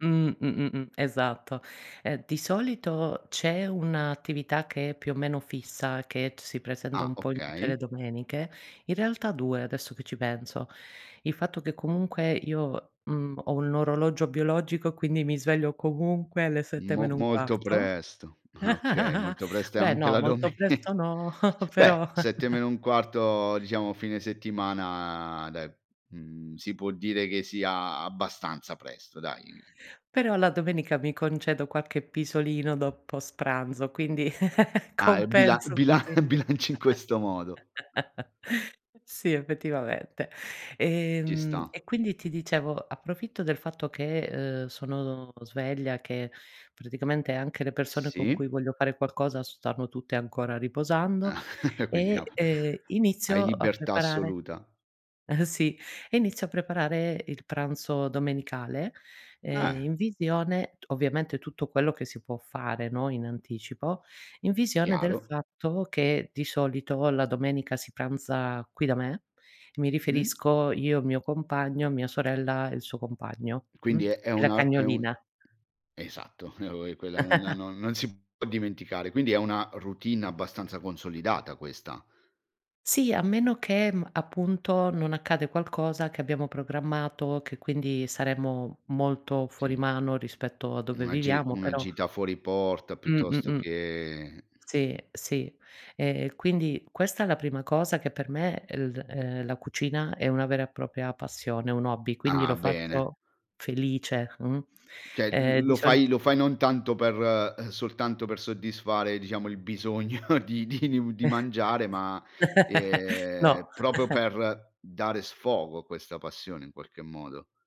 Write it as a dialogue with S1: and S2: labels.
S1: Mh, mh-mh-mh, esatto. Eh, di solito c'è 1 attività che è più o meno fissa, che t si presenta
S2: Ah,
S1: un po' in tutte le
S2: okay.
S1: domeniche, in realtà 2, adesso che ci penso. Il fatto che comunque io, mhmm, ho un orologio biologico, quindi mi sveglio comunque alle 7:00
S2: Mo
S1: meno un
S2: molto
S1: quarto.
S2: presto, ah okay, molto presto e
S1: Beh
S2: anche
S1: no,
S2: la
S1: molto
S2: dome
S1: presto no,
S2: beh,
S1: però
S2: 7 meno 1/4, diciamo fine settimana, de mhmm, si può dire che sia abbastanza presto, dai.
S1: però, la domenica mi concedo qualche pisolino dopo s pranzo, quindi
S2: Ah, e bila
S1: compenso,
S2: bila
S1: sì.
S2: bilanci in questo modo.
S1: Sì, effettivamente. E
S2: Ci
S1: mhmm,
S2: sta.
S1: e quindi ti dicevo, approfitto del fatto che, uhm, sono sveglia, che, praticamente anche le persone con
S2: Sì.
S1: cui voglio fare qualcosa s stanno tutte ancora riposando
S2: E quindi, no.
S1: e, ehm,
S2: Hai
S1: inizio a
S2: libertà
S1: preparare
S2: assoluta.
S1: sì, e inizio a preparare il pranzo domenicale, ehm,
S2: Eh.
S1: in visione, t ovviamente tutto quello che si può fare, no, in anticipo, in visione del
S2: Chiaro.
S1: fatto che, di solito, la domenica si pranza qui da me. Mi
S2: Mh?
S1: riferisco io, il mio compagno, mia sorella e il suo compagno, mh,
S2: Quindi, è è
S1: e la
S2: una è un
S1: cagnolina.
S2: esatto, [unintelligible] quella nona non non si può dimenticare. Quindi, è una routine abbastanza consolidata questa.
S1: Sì, a meno che, mhmm, appunto, non accade qualcosa che abbiamo programmato, che quindi saremmo molto fuori
S2: Sì.
S1: mano, rispetto a dove
S2: Una gi
S1: viviamo,
S2: una
S1: però
S2: gita fuori porta, piuttosto
S1: Mh-mh-mh.
S2: che
S1: Sì, sì. E, quindi questa è la prima cosa che, per me, el uhm, la cucina è una vera e propria passione, è un hobby, quindi
S2: Ah,
S1: lo
S2: bene.
S1: faccio, felice, mh.
S2: Cioè,
S1: Ehm,
S2: l
S1: di
S2: lo
S1: solit
S2: fai lo fai non tanto per ehm, soltanto per soddisfare, diciamo, il bisogno di di mu di mangiare, ma,
S1: No.
S2: ehm, proprio per dare sfogo a questa passione, in qualche modo.